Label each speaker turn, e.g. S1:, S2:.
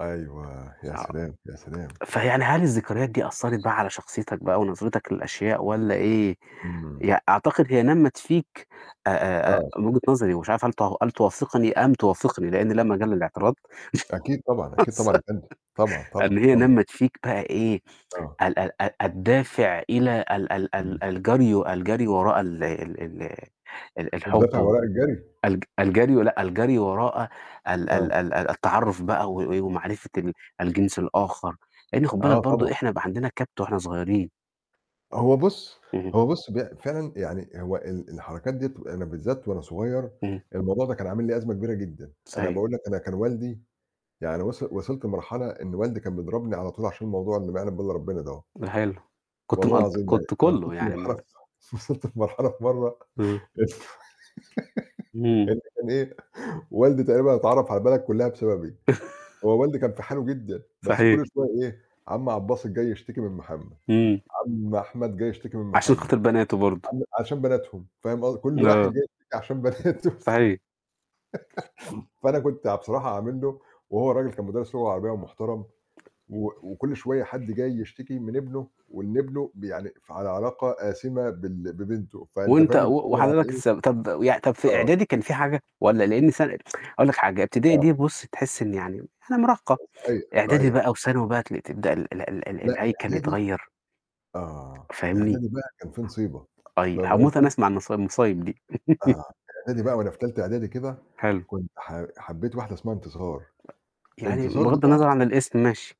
S1: أيوه، يا
S2: صعب،
S1: سلام! يا سلام!
S2: فيعني هل الذكريات دي أثّرت بقى على شخصيتك بقى ونظرتك للأشياء والّا إيه،
S1: امم.
S2: يع أعتقد هي نمّت فيك أ أ أ
S1: آه.
S2: من وجهة نظري ومش عارف هل تع هل توافقني أم توافقني لإن لا مجال للإعتراض،
S1: أكيد طبعًا، أكيد طبعًا
S2: وصل
S1: يا فندم طبعًا،
S2: إن
S1: طبعًا،
S2: هي
S1: طبعًا.
S2: نمّت فيك بقى إيه
S1: آه.
S2: ال ال ال الدافع إلى ال ال
S1: إمم.
S2: ال الجري و الجري وراء ال ال ال ال الحُب
S1: الدافع
S2: و
S1: وراء الجري؟
S2: الج الجري ولأ، الجري وراء ال ال
S1: آه.
S2: ال التعرّف بقى و و ومعرفة ال الجنس الآخَر، لإن خُد بالك
S1: آه،
S2: برضه
S1: طبعًا.
S2: إحنا يبقى عندنا كَبْت وإحنا صغيّرين.
S1: هو بُص
S2: اهم.
S1: هو بُص بق فعلًا يعني هو ال الحركات دِيّة تبقى أنا بالذّات وأنا صغيّر
S2: اهم.
S1: الموضوع ده كان عامل لي أزمة كبيرة جدًا، أنا
S2: صحيح.
S1: باقول لك أنا كان والدي يعني وص وصلت لمرحلة إن والدي كان بيضربني على طول عشان الموضوع اللي ما يعلم بيه الّا ربنا دهو.
S2: ده حلو كنت
S1: والله
S2: مقض
S1: العظيم يعني
S2: كنت
S1: أنا
S2: كلّه
S1: وصلت
S2: يعني
S1: لمرحلة
S2: م
S1: ف وصلت لمرحلة في مرّة
S2: إمم.
S1: لف
S2: اهم.
S1: إن كان إيه، والدي تقريبًا اتعرّف على البلد كلّها بسببي، هو والدي كان في حاله جدًا بس كل
S2: صحيح.
S1: شوية إيه، عم عبدالباسط جاي يشتكي من محمد،
S2: إمم.
S1: عم أحمد جاي يشتكي من
S2: عشان
S1: محمد،
S2: خاطر بناته برضه.
S1: عم عشان بناتهم فاهم قصد كل واحد
S2: آه.
S1: جاي يشتكي عشان بناته الف
S2: صحي
S1: فأنا كنت يع بصراحة عامل له وهو الرجل كان مدرّس لغة عربية ومحترم و وكل شوية حد جاي يشتكي من ابنه وإن ابنه ب يعني ف على علاقة آسمة بال ببنته فأنت
S2: وأنت
S1: فاهم إن
S2: و
S1: هو
S2: وحضرتك
S1: يعني إيه؟
S2: السب طَب وي طَب في
S1: آه.
S2: إعدادي كان في حاجة والّا لإن سَنة هاقول لك حاجة إبتدائي
S1: آه.
S2: دي بُص تحس إن يعني يعني مراهقة
S1: آآ صحيح،
S2: إعدادي
S1: صحيح.
S2: بقى وثانوي بقى تل تبدأ ال ال ال ال
S1: لأ،
S2: الهيكل
S1: إعدادي
S2: يتغيّر
S1: آه،
S2: فاهمني،
S1: إعدادي بقى كان في نصيبة،
S2: أي
S1: فاهم
S2: هاموت أنا
S1: قصدي؟
S2: أسمع النص المصايب دي.
S1: آه، إعدادي بقى وأنا في تالتة إعدادي كده
S2: حلو.
S1: كنت ح حبّيت واحدة اسمها انتصار،
S2: يعني
S1: انتصار دي
S2: بغَض
S1: بقى
S2: النظر عن الاسم ماشي.